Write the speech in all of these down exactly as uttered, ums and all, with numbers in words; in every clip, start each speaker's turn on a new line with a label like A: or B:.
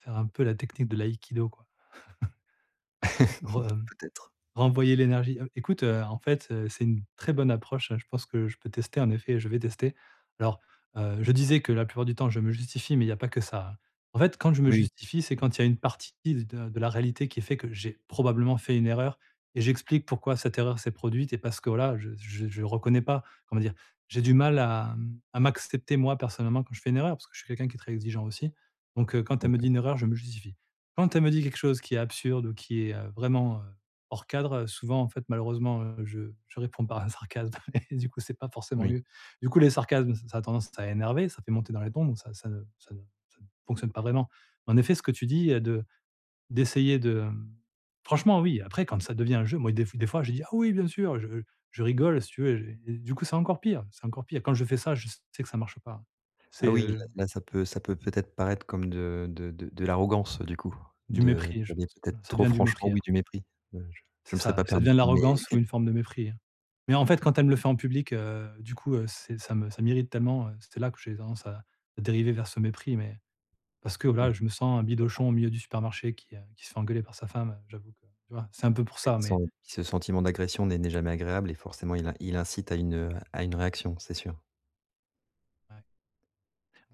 A: Faire un peu la technique de l'aïkido, quoi. Re re mmh,
B: Peut-être.
A: renvoyer l'énergie heu, écoute, heu, en fait, heu, c'est une très bonne approche. Je pense que je peux tester, en effet, je vais tester. Alors, heu, je disais que, la plupart du temps, je me justifie, mais il y a pas que ça, hein. En fait, quand je me
B: Oui
A: justifie, c'est
B: et
A: quand il y a une partie de de la réalité qui fait que j'ai probablement fait une erreur et j'explique pourquoi cette erreur s'est produite et parce que, voilà, je je je reconnais pas, on va dire, j'ai du mal à m à m'accepter, moi, personnellement, quand je fais une erreur, parce que suis quelqu'un qui est très exigeant aussi. Donc, heu, quand elle me
B: OK.
A: dit une erreur, je me justifie. Quand elle me dit quelque chose qui est absurde ou qui est, heu, vraiment, heu, hors cadre, souvent, en fait, malheureusement, heu, je je réponds par un sarcasme et du coup c'est pas forcément
B: Oui.
A: mieux. Du coup, les sarcasmes, ç ça a tendance à énerver, ça fait monter dans les tons, donc ça ça ne ça ne ça ne fonctionne pas vraiment. En effet, ce que tu dis, heu, de d'essayer de, hem franchement, oui, après, quand ça devient un jeu, moi, des des fois, je dis: «Ah, oui, bien sûr». Je je rigole, si tu veux, et j'ai et du coup, c'est encore pire, c'est encore pire. Quand je fais ça, je s sais que ça marche pas.
B: Ah
A: C'est,
B: oui,
A: heu
B: là là, ça peut ça peut, peut-être, paraître comme de de de de l'arrogance, du coup,
A: du
B: de
A: mépris, heu, je
B: de dire
A: pense, ouais,
B: peut-être
A: ça
B: trop
A: devient du
B: franchement
A: mépris,
B: oui,
A: apr
B: du mépris. Heu, je je
A: C'est
B: me serais
A: ça,
B: pas
A: ça
B: permis.
A: devient de
B: Mais
A: l'arrogance ou une forme de mépris, hein. Mais, en fait, quand
B: Et
A: elle me le fait en public, heu, du coup, heu, c'est ça me ça m'irrite tellement, heu, c'est là que j'ai tendance à à dériver vers ce mépris, mais parce que,
B: Oui.
A: voilà,
B: Je
A: je me sens un bidochon
B: crois.
A: au milieu du supermarché, qui, heu, qui se fait engueuler par sa femme. Heu, j'avoue que, tu vois, c'est un peu pour
B: Oui,
A: ça, mais
B: sen ce sentiment d'agression n'est n'est jamais agréable et forcément il in il incite à une, heu, à une réaction, c'est sûr.
A: Ouais.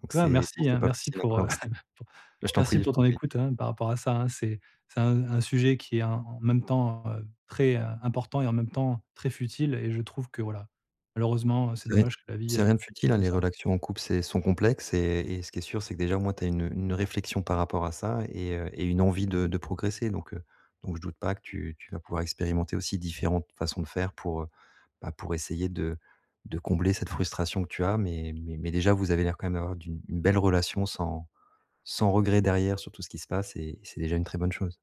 B: Donc
A: Toi,
B: c'est, non
A: merci,
B: c'est
A: hein,
B: pas
A: merci
B: facile à
A: pour, heu,
B: appréhen c'est
A: p
B: bah je t'en prie,
A: merci
B: je
A: pour
B: t'en
A: ton
B: prie.
A: écoute, hein, par rapport à ça, hein. C'est c'est un un sujet qui est, en en même temps, heu, très, heu, important et en même temps, très futile et je trouve que voilà, malheureusement, heu, c'est
B: C'est rien
A: dommage que la vie,
B: c'est
A: heu,
B: rien de
A: soit
B: futile, hein,
A: comme
B: les
A: ça.
B: relactions en couple, c'est sont complexes et et ce qui est sûr, c'est que, déjà, au moins, tu as une une réflexion par rapport à ça et, heu, et une envie de de progresser. Donc, heu, donc je doute pas que tu tu vas pouvoir expérimenter aussi différentes façons de faire pour, heu, bah, pour essayer de de combler cette frustration que tu as. Mais mais mais déjà, vous avez l'air, quand même, d'avoir d'une une belle relation sans sans regret derrière, sur tout ce qui se passe et c'est déjà une très bonne chose.